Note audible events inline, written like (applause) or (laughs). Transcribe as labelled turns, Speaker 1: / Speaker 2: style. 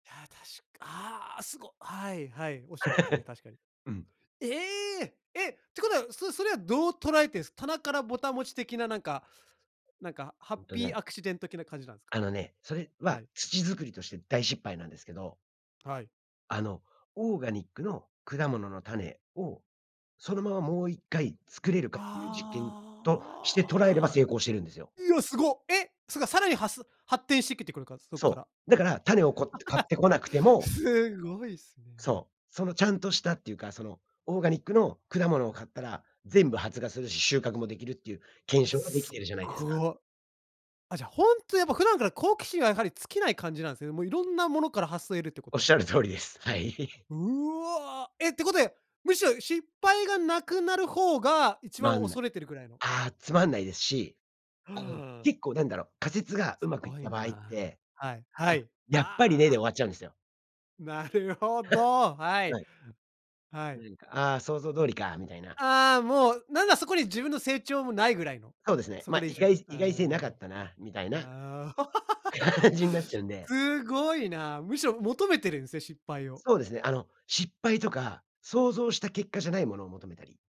Speaker 1: いや確く、ああすご、はいはい、おっしゃる通りすね、確かに。
Speaker 2: (chuckles) うん。
Speaker 1: ええ！え、てことは、そそれはどう捉えてるんです？棚からぼた餅的な、なんかなんか、ハ
Speaker 2: う
Speaker 1: ッ
Speaker 2: んと
Speaker 1: ピーア
Speaker 2: ね
Speaker 1: クシデントけな感じなんすか？
Speaker 2: あのね、それは
Speaker 1: はい。
Speaker 2: 土づくりとして大失敗なんですけど。
Speaker 1: はい。
Speaker 2: あの、オーガニックの果物の種をそのままもう一回作れるかっていう実験として捉えれば、
Speaker 1: ああ。
Speaker 2: 成功してるんですよ。
Speaker 1: いや、すご。え、それがさらにはす発展してきてくるから、そっか
Speaker 2: そ
Speaker 1: ら。
Speaker 2: う。だから種をこって買っ
Speaker 1: (laughs)
Speaker 2: てこなくても
Speaker 1: すごい、すごいっすね。
Speaker 2: そう、そのちゃんとしたっていうか、そのオーガニックの果物を買ったら全部発芽するし、収穫もできるっていう検証ができ
Speaker 1: す
Speaker 2: て
Speaker 1: っ
Speaker 2: るじゃないですか。
Speaker 1: ご。あ、じゃあ、ほんとやっぱ普段から好奇心はやはり尽きない感じなんですね、もういろんなものから発想えるってこ
Speaker 2: お
Speaker 1: と
Speaker 2: っ
Speaker 1: は。
Speaker 2: しゃる通りです。はい。(laughs)
Speaker 1: うわ、えってことや、むしろ失敗がなくなる方が一
Speaker 2: な
Speaker 1: 番
Speaker 2: んない。
Speaker 1: 恐れてるぐらいの。
Speaker 2: あ、つまんないですし、あの
Speaker 1: はあ。
Speaker 2: 結構なんだろう、仮説がう
Speaker 1: す
Speaker 2: まくいっ
Speaker 1: ごい
Speaker 2: た場合っ
Speaker 1: な。
Speaker 2: て、
Speaker 1: はい、は
Speaker 2: あ、
Speaker 1: い。
Speaker 2: やっぱり
Speaker 1: あ
Speaker 2: ねで終
Speaker 1: あ。
Speaker 2: わっちゃうんですよ。
Speaker 1: なるほ
Speaker 2: (scoffs)
Speaker 1: ど、はい、
Speaker 2: はい。
Speaker 1: はい。
Speaker 2: 何か、ああ、想像通りかみたいな。
Speaker 1: ああ、もうなんかそこに自分の成長もないぐらいの、
Speaker 2: そうですね。
Speaker 1: そう、こ
Speaker 2: ま、
Speaker 1: れ
Speaker 2: 意
Speaker 1: 以上。
Speaker 2: 外意外性
Speaker 1: あ
Speaker 2: なかったなみたいな。
Speaker 1: あ、ああ。
Speaker 2: 感じになっ
Speaker 1: (laughs)
Speaker 2: ちゃうんで。
Speaker 1: すごいな。むしろ求めてるんすね、失敗を。
Speaker 2: そうですね。あの、失敗とか想像した結果じゃないものを求めたり。